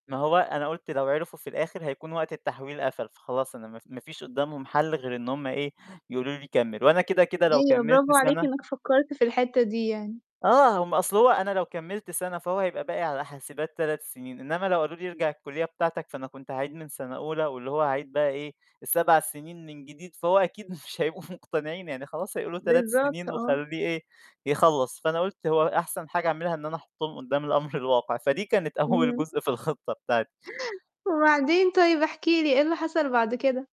ما هو أنا قُلت لو عرفوا في الآخر هيكون وقت التحويل قفل، فخلاص أنا ما ف ما فيش قدّامهم حَل غير إن هم إيه يقولوا لي كمّل، وأنا كده، كده لو أيوه، كمّلت برافو عليك، سَنة إنّك فكّرت في الحتّة دي يعني. آه، هم أصل هو أنا لو كمّلت سَنة فهو هيبقى باقي على حاسبات 3 سِنين، إنّما لو قالوا لي ارجع الكلّية بتاعتك فأنا كنت عايز من سَنة أولى، واللي هو هاعيد بقى إيه، 7 سِنين من جديد فهو أكيد مش هيبقوا مقتنعين يعني خلاص هيقولوا 3 بالضبط، سِنين آه. وخلّيه إيه، يخلّص، فأنا قُلت هو أ أحسن حاجة أعملها إن أنا أحطّهم قدّام الأمر الواقع، فدي كانت أول إمم. جزء في الخطّة بتاعتي. وبعدين طيب احكِ لي إيه اللي حصل بعد كده؟